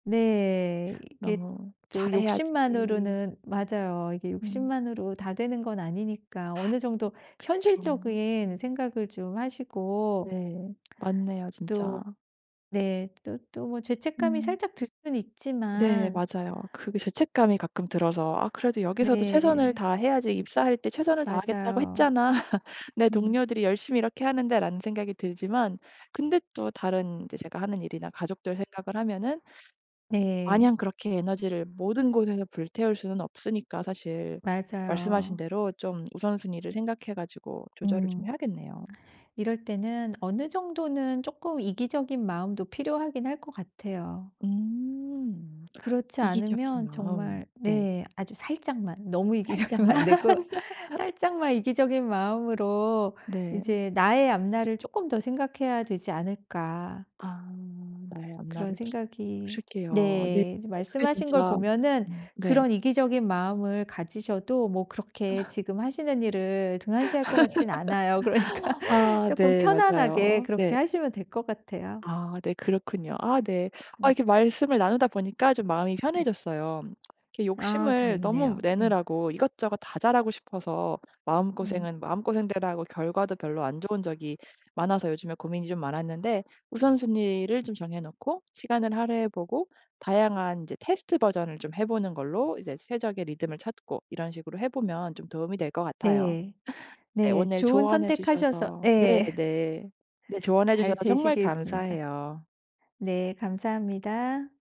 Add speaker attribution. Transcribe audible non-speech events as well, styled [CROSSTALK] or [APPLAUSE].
Speaker 1: 네. 이게
Speaker 2: 너무
Speaker 1: 또
Speaker 2: 잘해야지.
Speaker 1: 욕심만으로는 맞아요. 이게
Speaker 2: 음.
Speaker 1: 욕심만으로 다 되는 건 아니니까
Speaker 2: 하.
Speaker 1: 어느 정도
Speaker 2: 그쵸.
Speaker 1: 현실적인 생각을 좀 하시고.
Speaker 2: 네. 맞네요
Speaker 1: [SMACKS LIPS] 또
Speaker 2: 진짜.
Speaker 1: 네 또, 또 뭐 죄책감이
Speaker 2: 음.
Speaker 1: 살짝 들 수는
Speaker 2: 네
Speaker 1: 있지만
Speaker 2: 맞아요. 그게 죄책감이 가끔 들어서 '아 그래도 여기서도 최선을
Speaker 1: 네.
Speaker 2: 다해야지 입사할 때 최선을 다하겠다고
Speaker 1: 맞아요.
Speaker 2: 했잖아. 내
Speaker 1: 음.
Speaker 2: 동료들이 열심히 이렇게 하는데'. 라는 생각이 들지만 근데 또 다른 이제 제가 하는 일이나 가족들 생각을 하면은
Speaker 1: 네.
Speaker 2: 마냥 그렇게 에너지를 모든 곳에서 불태울 수는 없으니까 사실 말씀하신
Speaker 1: 맞아요.
Speaker 2: 대로 좀 우선순위를 생각해 가지고 조절을 좀
Speaker 1: 음.
Speaker 2: 해야겠네요.
Speaker 1: 이럴 때는 어느 정도는 쪼끔 이기적인 마음도 필요하긴 할 것 같아요.
Speaker 2: 음
Speaker 1: 그렇지
Speaker 2: 이기적인
Speaker 1: 않으면
Speaker 2: 마음.
Speaker 1: 정말
Speaker 2: 네.
Speaker 1: 네 아주 살짝만. 너무 이기적이면
Speaker 2: 살짝만.
Speaker 1: 안 되고
Speaker 2: [LAUGHS]
Speaker 1: 살짝만 이기적인 마음으로
Speaker 2: 네.
Speaker 1: 이제 나의 앞날을 쪼끔 더 생각해야 되지 않을까.
Speaker 2: 아 나의
Speaker 1: 그런
Speaker 2: 앞날을
Speaker 1: 생각이
Speaker 2: 그러게요. 네
Speaker 1: 네 이제
Speaker 2: 아 그게
Speaker 1: 말씀하신 걸
Speaker 2: 진짜
Speaker 1: 보면은
Speaker 2: 음 네.
Speaker 1: 그런 이기적인 마음을 가지셔도 뭐 그렇게
Speaker 2: 아.
Speaker 1: 지금 하시는 일을 등한시할 것 같진 않아요. 그러니까
Speaker 2: [LAUGHS] 아
Speaker 1: 쪼끔
Speaker 2: 네
Speaker 1: 편안하게
Speaker 2: 맞아요.
Speaker 1: 그렇게
Speaker 2: 네.
Speaker 1: 하시면 될 것 같아요.
Speaker 2: 아 네 그렇군요. 아 네. 아
Speaker 1: 응.
Speaker 2: 이렇게 말씀을 나누다 보니까 좀 마음이
Speaker 1: 음.
Speaker 2: 편해졌어요. 이렇게
Speaker 1: 아
Speaker 2: 욕심을 너무
Speaker 1: 다행이네요. 예.
Speaker 2: 내느라고 이것저것 다 잘하고 싶어서
Speaker 1: 음.
Speaker 2: 마음고생은 마음고생대로 하고 결과도 별로 안 좋은 적이 많아서 요즘에 고민이 좀 많았는데 우선순위를 좀 정해 놓고 시간을 할애해 보고 다양한 이제 테스트 버전을 좀 해 보는 걸로 이제 최적의 리듬을 찾고 이런 식으로 해 보면 좀 도움이 될 것 같아요.
Speaker 1: 네.
Speaker 2: 네.
Speaker 1: 네.
Speaker 2: 오늘
Speaker 1: 좋은
Speaker 2: 조언해
Speaker 1: 선택하셔서
Speaker 2: 주셔서 네네
Speaker 1: 예.
Speaker 2: 네 조언해 주셔서
Speaker 1: 잘
Speaker 2: 정말
Speaker 1: 되시길 빕니다.
Speaker 2: 감사해요.
Speaker 1: 네 감사합니다.